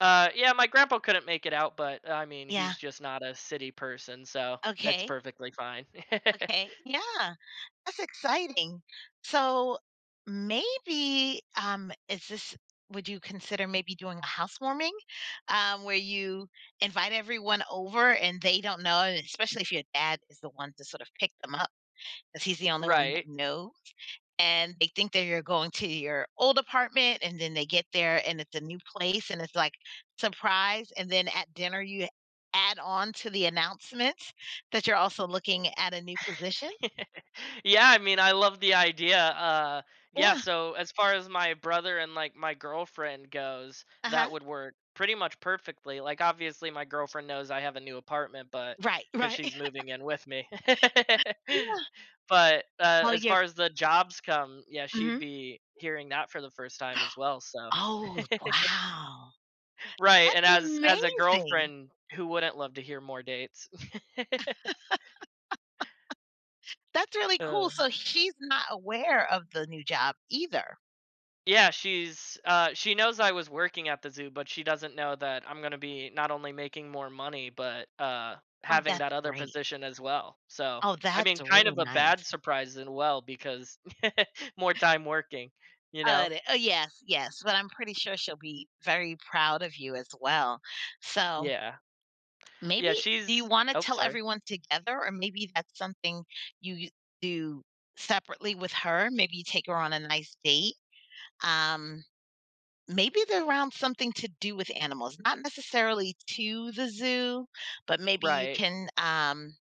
Uh, yeah, my grandpa couldn't make it out, but, uh, I mean, Yeah. he's just not a city person, so, that's Okay. perfectly fine. Okay, yeah. That's exciting. So, maybe, um is this would you consider maybe doing a housewarming, um, where you invite everyone over and they don't know, and especially if your dad is the one to sort of pick them up, 'cause he's the only one that Right. knows, and they think that you're going to your old apartment, and then they get there and it's a new place and it's, like, "Surprise," and then at dinner, you add on to the announcements that you're also looking at a new position? Yeah, I mean, I love the idea. Uh, yeah, Yeah. so as far as my brother and, like, my girlfriend goes, Uh-huh. that would work pretty much perfectly. Like, obviously, my girlfriend knows I have a new apartment, but, Right, 'cause right. she's moving in with me. Yeah. But, uh, Well, as you're far as the jobs come, yeah, she'd Mhm. be hearing that for the first time as well, so Oh, wow. Right, and That's as as a amazing. girlfriend, who wouldn't love to hear more dates? That's really cool, Uh. so she's not aware of the new job either. Yeah, she's uh, she knows I was working at the zoo, but she doesn't know that I'm gonna be not only making more money, but, uh, Oh, having that's that other great. position as well. So, Oh, I that's mean, kind really of a nice. bad surprise and well because more time working, you Uh, know? de uh, yes, yes, but I'm pretty sure she'll be very proud of you as well. So Yeah. maybe Yeah, do you she's wanna ope, tell sorry. everyone together or maybe that's something you you do separately with her? Maybe you take her on a nice date? Um, maybe they're around something to do with animals, not necessarily to the zoo, but maybe you Right. can, um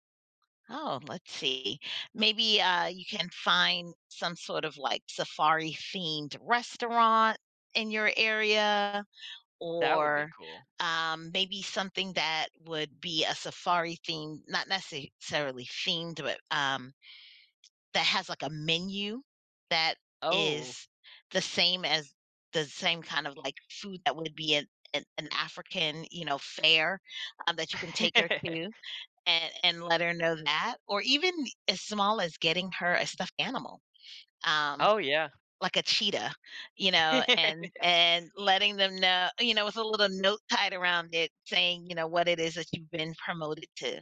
oh, let's see, maybe, uh, you can find some sort of, like, safari-themed restaurant in your area. That would be Or, cool. um, maybe something that would be a safari theme not necessarily themed, but, um, that has, like, a menu that Oh. is the same as the same kind of like, food that would be an an African, you know, fare, uh, that you can take her to a and let her know that, or even as small as getting her a stuffed animal, um, Oh, yeah. like a cheetah, you know, and and letting them know you know, with a little note tied around it saying, you know, what it is that you've been promoted to.